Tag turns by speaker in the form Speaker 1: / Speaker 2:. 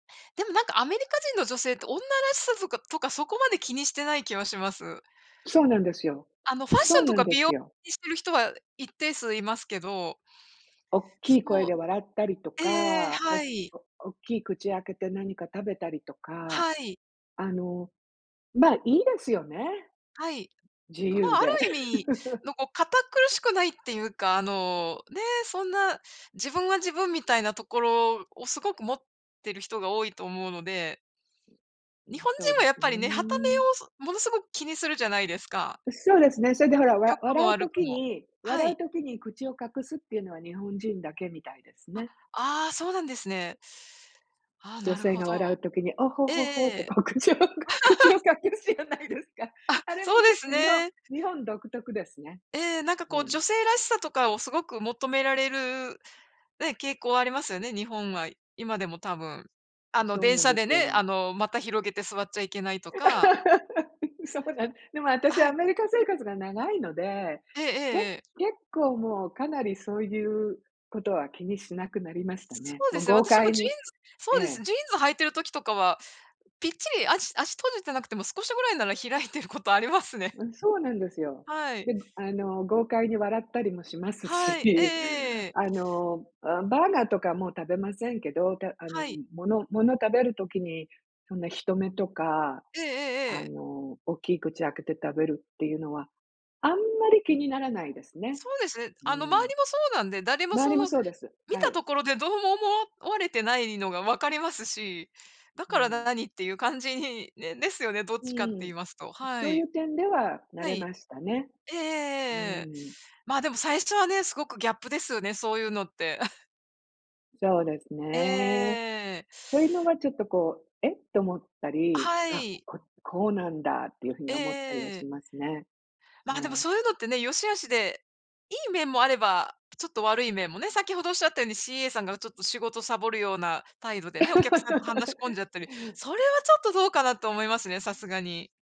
Speaker 1: でも、なんかアメリカ人の女性って、女らしさづかとか、そこまで気にしてない気はします。
Speaker 2: そうなんですよ、
Speaker 1: あのファッシ
Speaker 2: そ
Speaker 1: ョ
Speaker 2: う
Speaker 1: ンと
Speaker 2: なん
Speaker 1: か、
Speaker 2: で
Speaker 1: 美
Speaker 2: す
Speaker 1: 容、
Speaker 2: よ。
Speaker 1: にしてる人は一定数いますけど。
Speaker 2: おっきい声
Speaker 1: そう、
Speaker 2: で笑ったりと
Speaker 1: ええええ、
Speaker 2: か、お
Speaker 1: はい。
Speaker 2: おおっきい口開けて何か食べたりとか、
Speaker 1: はい。
Speaker 2: あの、ま、いいですよね。
Speaker 1: はい。
Speaker 2: 自
Speaker 1: まあ、
Speaker 2: 由
Speaker 1: あ
Speaker 2: で。
Speaker 1: る意味、のこ、堅苦しくないって言うか、あの、ね、そんな、自分は自分みたいなところを、凄く持ってる人が多いと思うので
Speaker 2: う
Speaker 1: 日
Speaker 2: ん、
Speaker 1: 本
Speaker 2: そう
Speaker 1: 人は
Speaker 2: で
Speaker 1: やっ
Speaker 2: す
Speaker 1: ぱ
Speaker 2: ね。
Speaker 1: りね、傍目をすもの凄く気にするじゃないですか。
Speaker 2: う、そうですね、それで、ほら、わ
Speaker 1: 良くも
Speaker 2: 笑う
Speaker 1: 悪く
Speaker 2: 時
Speaker 1: も。
Speaker 2: に
Speaker 1: は
Speaker 2: 笑
Speaker 1: い。
Speaker 2: う時に、口を隠すっていうのは、日本人だけみたいです
Speaker 1: あ、
Speaker 2: ね。
Speaker 1: ああ、そうなんですね。ああ、
Speaker 2: 女
Speaker 1: なる
Speaker 2: 性
Speaker 1: ほ
Speaker 2: が
Speaker 1: ど。
Speaker 2: 笑う時に「おほ
Speaker 1: ええ
Speaker 2: ほほ」っ
Speaker 1: え
Speaker 2: て、
Speaker 1: え。
Speaker 2: こう口を口を隠すじゃないですか。
Speaker 1: あ、
Speaker 2: あれ
Speaker 1: そ
Speaker 2: も
Speaker 1: うで
Speaker 2: 結
Speaker 1: す
Speaker 2: 構、日本
Speaker 1: ね。
Speaker 2: 日本独特ですね。
Speaker 1: ええ、なんか
Speaker 2: う
Speaker 1: こう、
Speaker 2: ん。
Speaker 1: 女性らしさとかを凄く求められる、ね、傾向ありますよね、日本は、今でも多分。あの、
Speaker 2: そう
Speaker 1: 電
Speaker 2: なん
Speaker 1: 車
Speaker 2: で
Speaker 1: で
Speaker 2: す
Speaker 1: ね、あ
Speaker 2: よ。
Speaker 1: の、股広げて座っちゃいけないとか
Speaker 2: そうなんでも私
Speaker 1: は
Speaker 2: ア
Speaker 1: い。
Speaker 2: メリカ生活が長いので、
Speaker 1: えええ
Speaker 2: け
Speaker 1: えええ。
Speaker 2: 結構もう、かなり、そういう事は気にしなくなりました
Speaker 1: そ
Speaker 2: ね。
Speaker 1: う
Speaker 2: も
Speaker 1: で
Speaker 2: う
Speaker 1: すね、
Speaker 2: 豪
Speaker 1: 私も
Speaker 2: 快
Speaker 1: ジーン
Speaker 2: に
Speaker 1: ズそ
Speaker 2: え
Speaker 1: うです、
Speaker 2: え。
Speaker 1: ジーンズ履いてる時とかは、ぴっちり足足閉じてなくても、少しぐらいなら開いてる事ありますね。
Speaker 2: うん、そうなんですよ。
Speaker 1: はい。
Speaker 2: で、あの豪快に笑ったりもします
Speaker 1: はい、えええ
Speaker 2: し、
Speaker 1: えええ。
Speaker 2: あの、あ、バーガーとかもう食べませんけど、たあの
Speaker 1: はい。
Speaker 2: 物物食べる時に、そんな人目とか、
Speaker 1: ええええ
Speaker 2: あ
Speaker 1: ええ。
Speaker 2: の、おっきい口開けて食べるっていうのは、あんまり気にならないですね。
Speaker 1: そうです、え。
Speaker 2: うー
Speaker 1: あの、
Speaker 2: ん。
Speaker 1: 周りもそうなんで、誰も、
Speaker 2: 周
Speaker 1: そ
Speaker 2: りも
Speaker 1: の
Speaker 2: そうです、
Speaker 1: 見
Speaker 2: は
Speaker 1: た
Speaker 2: い。
Speaker 1: ところで、どうも思われてないのが、分かりますし、だ
Speaker 2: う
Speaker 1: から
Speaker 2: ん。
Speaker 1: 何って言う感じにね、ですよね、どっ
Speaker 2: う
Speaker 1: ちかって言い
Speaker 2: ん、
Speaker 1: ますと、は
Speaker 2: そうい
Speaker 1: い。
Speaker 2: う点では、慣
Speaker 1: は
Speaker 2: れ
Speaker 1: い。
Speaker 2: ましたね。
Speaker 1: ええええ
Speaker 2: う
Speaker 1: ええええ。
Speaker 2: ん。
Speaker 1: まあ、でも最初はね、凄くギャップですよね、そういうのって。
Speaker 2: そうです
Speaker 1: ええええ
Speaker 2: ね。
Speaker 1: ええええ。
Speaker 2: そういうのが、ちょっとこう、えっ？と思ったり、
Speaker 1: は
Speaker 2: あ、
Speaker 1: い。
Speaker 2: ここうなんだっていう風
Speaker 1: え
Speaker 2: に
Speaker 1: え
Speaker 2: 思ったりは
Speaker 1: えええ
Speaker 2: し
Speaker 1: え。
Speaker 2: ますね。え
Speaker 1: まあ、でも、
Speaker 2: え。
Speaker 1: そういうのってね、良し悪しで、いい面もあれば、ちょっと悪い面もね、先程おっしゃったように、CA さんが、ちょっと仕事サボるような態度でね、お客さんと話し込ん じゃったり、それはちょっと、どうかなと思いますね、さすがに。